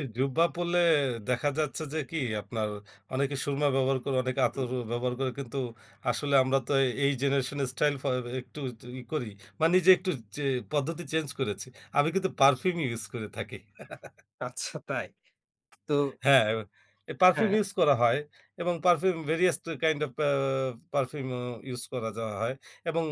এ জুব্বা পরলে দেখা যাচ্ছে যে কি আপনার অনেকে সুরমা ব্যবহার করে, অনেকে হুম। আতর ব্যবহার করে, কিন্তু আসলে আমরা তো এই, এই জেনারেশন এর স্টাইল ফ এ একটু, একটু ই করি। বা নিজে একটু চে পদ্ধতি চেঞ্জ করেছি। আমি কিন্তু পারফিউম ইউজ করে থাকি। আচ্ছা, তাই? তো হ্যাঁ, এ পারফিউম হ্যাঁ। ইউজ করা হয় এবং perfume various kind of a perfume uh use করে যাওয়া হয়। এবং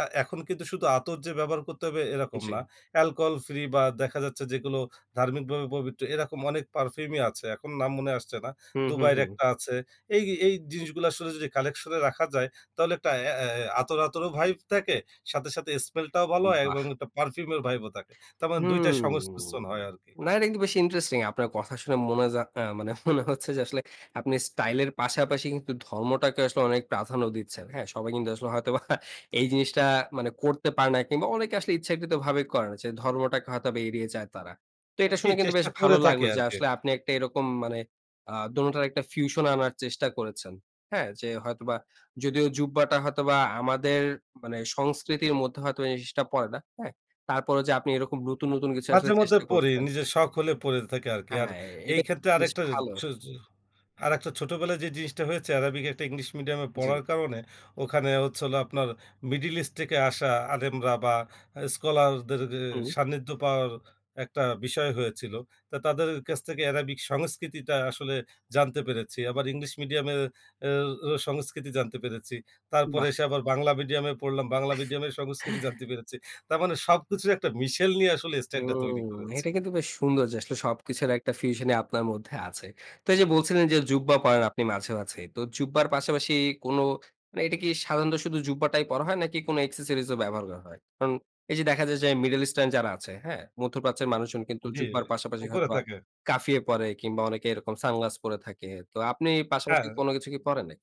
আ এখন কিন্তু শুধু আতর যে ব্যবহার করতে হবে, এরকম না। জ্বী। অ্যালকোহল ফ্রি বা দেখা যাচ্ছে যেগুলো ধার্মিক ভাবে পবিত্র, এরকম অনেক পারফিউমই আছে। এখন নাম মনে আসছে না। হু, হু, দুবাই এর হু। একটা আছে। এই, এই জিনিসগুলা আসলে যদি কালেকশন এ রাখা যায়, তাহলে একটা এ এ আতর, আতরও ভাইব থাকে। সাথে, সাথে স্মেল টাও ভালো উম হয় বাহ! এবং একটা পারফিউম এর ভাইব ও থাকে। তারমানে ২ টাই হুম। সংমিশ্রণ হয় আরকি। না, এটা কিন্তু বেশ ইন্টারেস্টিং, আপনার কথা শুনে মনে যা, অ্যা মানে মনে হচ্ছে যে, আসলে আপনি স্টাইল এর পাশাপাশি কিন্তু ধর্মটাকে আসলে অনেক প্রাধান্য দিচ্ছেন। হ্যাঁ? সবাই কিন্তু আসলে হয়তোবা এই জিনিসটা, মানে করতে পারে না, কিংবা অনেকে আসলে ইচ্ছাকৃতভাবে করে না যে, ধর্মটাকে হয়তোবা এড়িয়ে যায় তারা। তো হুম এটা জ্বী। শুনে কিন্তু চেষ্টা বেশ করে ভালো থাকি লাগলো যে, আরকি। আসলে আপনি একটা এরকম মানে, আ দোনোটার একটা ফিউশন আনার চেষ্টা করেছেন। হ্যাঁ? যে হয়তোবা, যদিও জুব্বাটা হয়তোবা আমাদের মানে সংস্কৃতির মধ্যে হয়তো এই জিনিসটা পড়ে না। হ্যাঁ? তারপরেও যে আপনি এরকম নতুন, নতুন কিছু আসলে মাঝে-মধ্যে চেষ্টা পরি, করছেন নিজের শখ হলে পরে থাকি আরকি। আর হ্যাঁ, এই এটা কিন্তু ক্ষেত্রে বেশ আরেকটা এ ভালো। ছো ছো আরেকটা ছোটবেলায় যে জিনিসটা হয়েছে, অ্যারাবিক একটা ইংলিশ মিডিয়াম এ জ্বী। পড়ার কারণে, ওখানে হচ্ছিল আপনার, মিডল ইস্ট থেকে আসা আলেমরা বা স্কলারদের গে হুম। সান্নিধ্য পাওয়ার একটা বিষয় হয়েছিল। তো, তাদের কাছ থেকে অ্যারাবিক সংস্কৃতিটা আসলে জানতে পেরেছি। আবার, ইংলিশ মিডিয়ামের এ এ সংস্কৃতি জানতে পেরেছি। তারপরে বাহ! এসে আবার বাংলা মিডিয়ামে পড়লাম, বাংলা মিডিয়ামের সংস্কৃতি জানতে পেরেছি। তার মানে, সবকিছুই একটা মিশেল নিয়ে আসলে স্টাইলটা হুম। তৈরি করেছি। এটা কিন্তু বেশ সুন্দর যে, আসলে সব কিছুর একটা ফিউশনই আপনার মধ্যে আছে। তো এই যে বলছিলেন যে, জুব্বা পরেন আপনি মাঝে-মাঝেই। তো জুব্বার পাশাপাশি কোন, মানে এইটা কি সাধারণত শুধু জুব্বাটাই পরা হয়, নাকি কোন এক্সেসরিজ ও ব্যবহার করা হয়? কারণ এই যে দেখা যায় যে, মিডল ইস্টার্ন যারা আছে, হ্যাঁ? মধ্যপ্রাচ্যের মানুষজন কিন্তু জ্বী, জুব্বার পাশাপাশি উপরে হয়তোবা থাকে। কাফিয়ে পরে কিংবা অনেকে এরকম সানগ্লাস পরে থাকে। তো, আপনি পাশাপাশি হ্যাঁ। কোন কিছু কি পরেন নাকি?